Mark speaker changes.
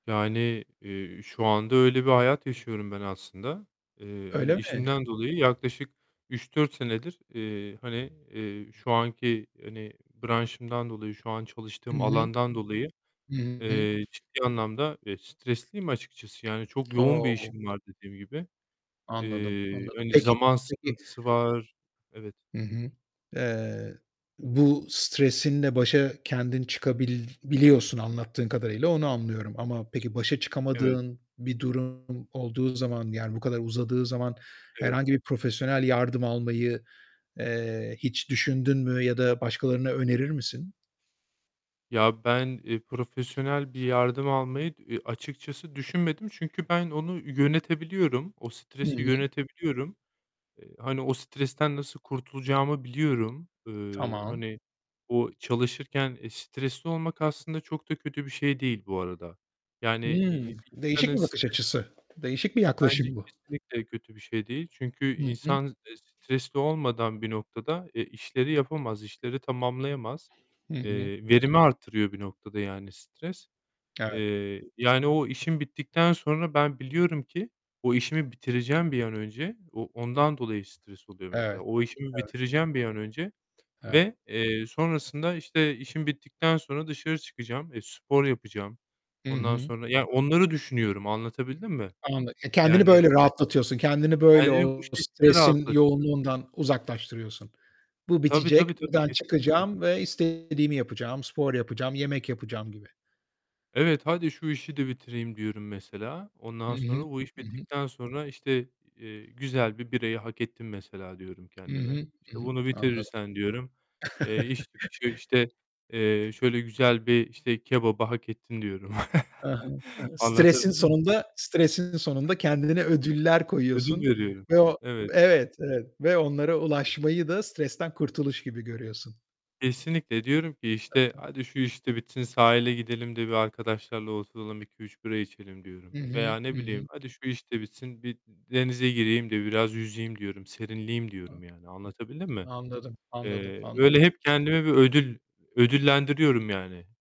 Speaker 1: Yani, eee, şu anda öyle bir hayat yaşıyorum ben aslında. Eee,
Speaker 2: Öyle
Speaker 1: hani
Speaker 2: mi?
Speaker 1: işimden dolayı yaklaşık 3-4 senedir, eee, hani, eee, şu anki, hani, branşımdan dolayı, şu an
Speaker 2: Hı
Speaker 1: çalıştığım
Speaker 2: hı.
Speaker 1: alandan dolayı,
Speaker 2: Hı hı.
Speaker 1: eee, ciddi anlamda, eee, stresliyim açıkçası. Yani çok yoğun bir
Speaker 2: O!
Speaker 1: işim var dediğim gibi.
Speaker 2: Anladım,
Speaker 1: Eee,
Speaker 2: anladım.
Speaker 1: hani
Speaker 2: Peki
Speaker 1: zaman
Speaker 2: peki
Speaker 1: sıkıntısı var. Evet.
Speaker 2: Hı hı. Eee, bu stresinle başa kendin çıkabil biliyorsun anlattığın kadarıyla, onu anlıyorum ama peki başa
Speaker 1: Evet.
Speaker 2: çıkamadığın bir durum olduğu zaman, yani bu kadar uzadığı zaman,
Speaker 1: Evet.
Speaker 2: herhangi bir profesyonel yardım almayı, eee, hiç düşündün mü ya da başkalarına önerir misin?
Speaker 1: Ya, ben, eee, profesyonel bir yardım almayı, eee, açıkçası düşünmedim. Çünkü ben onu yönetebiliyorum. O
Speaker 2: Hı
Speaker 1: stresi
Speaker 2: hı.
Speaker 1: yönetebiliyorum. Eee, hani o stresten nasıl kurtulacağımı biliyorum. Eee,
Speaker 2: Tamam.
Speaker 1: hani, o çalışırken stresli olmak aslında çok da kötü bir şey değil bu arada. Yani, i
Speaker 2: Hımm, değişik
Speaker 1: insanın
Speaker 2: bir bakış
Speaker 1: stres
Speaker 2: açısı. Değişik bir
Speaker 1: bence
Speaker 2: yaklaşım bu.
Speaker 1: kesinlikle kötü bir şey değil. Çünkü
Speaker 2: Hı hı.
Speaker 1: insan, eee, stresli olmadan bir noktada, eee, işleri yapamaz, işleri tamamlayamaz.
Speaker 2: Hı hı.
Speaker 1: Eee, verimi artırıyor bir noktada, yani, stres.
Speaker 2: Evet.
Speaker 1: Eee, yani o işim bittikten sonra ben biliyorum ki o işimi bitireceğim bir an önce. O ondan dolayı stres oluyor mesela.
Speaker 2: Evet,
Speaker 1: O işimi
Speaker 2: evet.
Speaker 1: bitireceğim bir an önce
Speaker 2: Evet.
Speaker 1: ve, eee, sonrasında, işte, işim bittikten sonra dışarı çıkacağım, eee, spor yapacağım.
Speaker 2: I
Speaker 1: Ondan
Speaker 2: hı.
Speaker 1: sonra yani onları düşünüyorum. Anlatabildim mi?
Speaker 2: Anla E, kendini
Speaker 1: Yani
Speaker 2: böyle rahatlatıyorsun, kendini böyle
Speaker 1: Kendimi bu
Speaker 2: o
Speaker 1: şekilde
Speaker 2: stresin
Speaker 1: rahatlat
Speaker 2: yoğunluğundan uzaklaştırıyorsun. "Bu
Speaker 1: Tabii, tabii,
Speaker 2: bitecek,
Speaker 1: tabii.
Speaker 2: buradan
Speaker 1: Kesinlikle.
Speaker 2: çıkacağım ve istediğimi yapacağım, spor yapacağım, yemek yapacağım." gibi.
Speaker 1: Evet, "Hadi şu işi de bitireyim." diyorum mesela.
Speaker 2: Hı
Speaker 1: Ondan sonra,
Speaker 2: hı,
Speaker 1: bu iş
Speaker 2: hı hı.
Speaker 1: bittikten sonra, işte, eee, "Güzel bir birayı hak ettim." mesela diyorum
Speaker 2: Hı
Speaker 1: kendime.
Speaker 2: hı, hı
Speaker 1: İşte
Speaker 2: hı.
Speaker 1: "Bunu
Speaker 2: Anladım.
Speaker 1: bitirirsen" diyorum, eee, iş çıkışı, işte, eee, "Şöyle güzel bir işte kebabı hak ettin." diyorum.
Speaker 2: E he, e he. Stresin
Speaker 1: Anlatabildim mi?
Speaker 2: sonunda stresin sonunda kendine ödüller koyuyorsun
Speaker 1: Ödül veriyorum.
Speaker 2: ve o
Speaker 1: Evet.
Speaker 2: evet, evet ve onlara
Speaker 1: [unintelligible]
Speaker 2: ulaşmayı da stresten kurtuluş gibi görüyorsun.
Speaker 1: Kesinlikle. Diyorum ki
Speaker 2: E
Speaker 1: işte
Speaker 2: he.
Speaker 1: "Hadi şu iş de bitsin sahile gidelim de bir arkadaşlarla oturalım, 2-3 bira içelim." diyorum
Speaker 2: Hı hı,
Speaker 1: veya
Speaker 2: hı
Speaker 1: ne bileyim,
Speaker 2: hı.
Speaker 1: "Hadi şu iş de bitsin, bir denize gireyim de biraz yüzeyim." diyorum. "Serinleyeyim."
Speaker 2: A
Speaker 1: diyorum yani. Anlatabildim mi?
Speaker 2: Anladım, anladım,
Speaker 1: Eee,
Speaker 2: anladım.
Speaker 1: öyle hep kendimi bir ödül ödüllendiriyorum yani.